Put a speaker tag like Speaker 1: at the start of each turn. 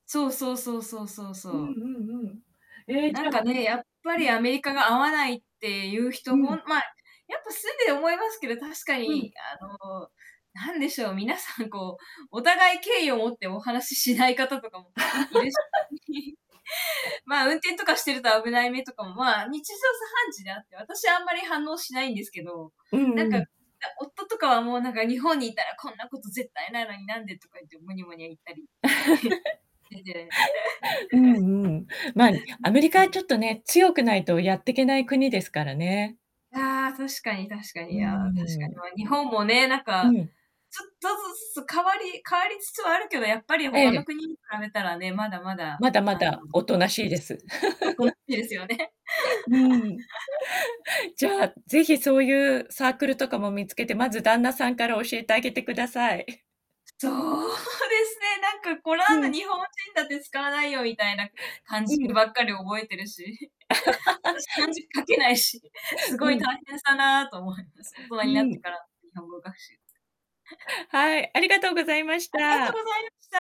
Speaker 1: そうそうそうそうそう
Speaker 2: う
Speaker 1: そう。
Speaker 2: んうんうん。ええ、
Speaker 1: な
Speaker 2: じゃ
Speaker 1: んかね、やっぱり
Speaker 2: ん。
Speaker 1: アメリカが合わないっていう
Speaker 2: う
Speaker 1: 人、ほん
Speaker 2: ん。
Speaker 1: まあ、やっぱ、住んで思いますけど、確か
Speaker 2: うん。
Speaker 1: に、あの、何でしょう、皆さん、こう、お互い敬意を持ってお話ししない方とかもいるし。まあ、運転とかしてると危ない目とかも、まあ、日常茶飯事であって、私あんまり反応しないんですけど、
Speaker 2: う
Speaker 1: なん
Speaker 2: ん
Speaker 1: か、
Speaker 2: う
Speaker 1: あ、
Speaker 2: ん。
Speaker 1: 夫とかは、もうなんか、日本にいたらこんなこと絶対ないのに、なんで、とか言ってムニャムニャ言ったり でで。
Speaker 2: う んうん。まあ、に
Speaker 1: う、
Speaker 2: アメリカ
Speaker 1: う
Speaker 2: はち
Speaker 1: ん。
Speaker 2: ょっとね、強くないとやってけない国ですからね。
Speaker 1: ああ、確かに確か
Speaker 2: うー
Speaker 1: に、ああ、確
Speaker 2: ん。
Speaker 1: かに、ま、日本もね、なん
Speaker 2: う
Speaker 1: か、
Speaker 2: ん。
Speaker 1: ちょっとずつ変わり変わりつつはあるけど、やっぱり
Speaker 2: え
Speaker 1: 他の
Speaker 2: え。
Speaker 1: 国に比べたらね、まだまだ、
Speaker 2: まだま
Speaker 1: あの、
Speaker 2: だ、大人しい
Speaker 1: い
Speaker 2: で
Speaker 1: ち
Speaker 2: す。
Speaker 1: ん、あ、これ 好きですよね。
Speaker 2: うーん。じ ゃあ、ぜひそういうサークルとかも見つけて、まず旦那さんから教えてあげてください。
Speaker 1: そうですね、なんか、これ
Speaker 2: う
Speaker 1: なん
Speaker 2: ん。
Speaker 1: の、日本人だって使わないよみたいな漢
Speaker 2: う
Speaker 1: 字
Speaker 2: ん。
Speaker 1: ばっかり覚えてるし。私、漢 字書けないし、すごい
Speaker 2: うん。
Speaker 1: 大変だなと思います。大人
Speaker 2: う
Speaker 1: になって
Speaker 2: ん。
Speaker 1: から、日本語学習。
Speaker 2: はい、ありがとうございまし
Speaker 1: ありがとご
Speaker 2: た。
Speaker 1: ざいました。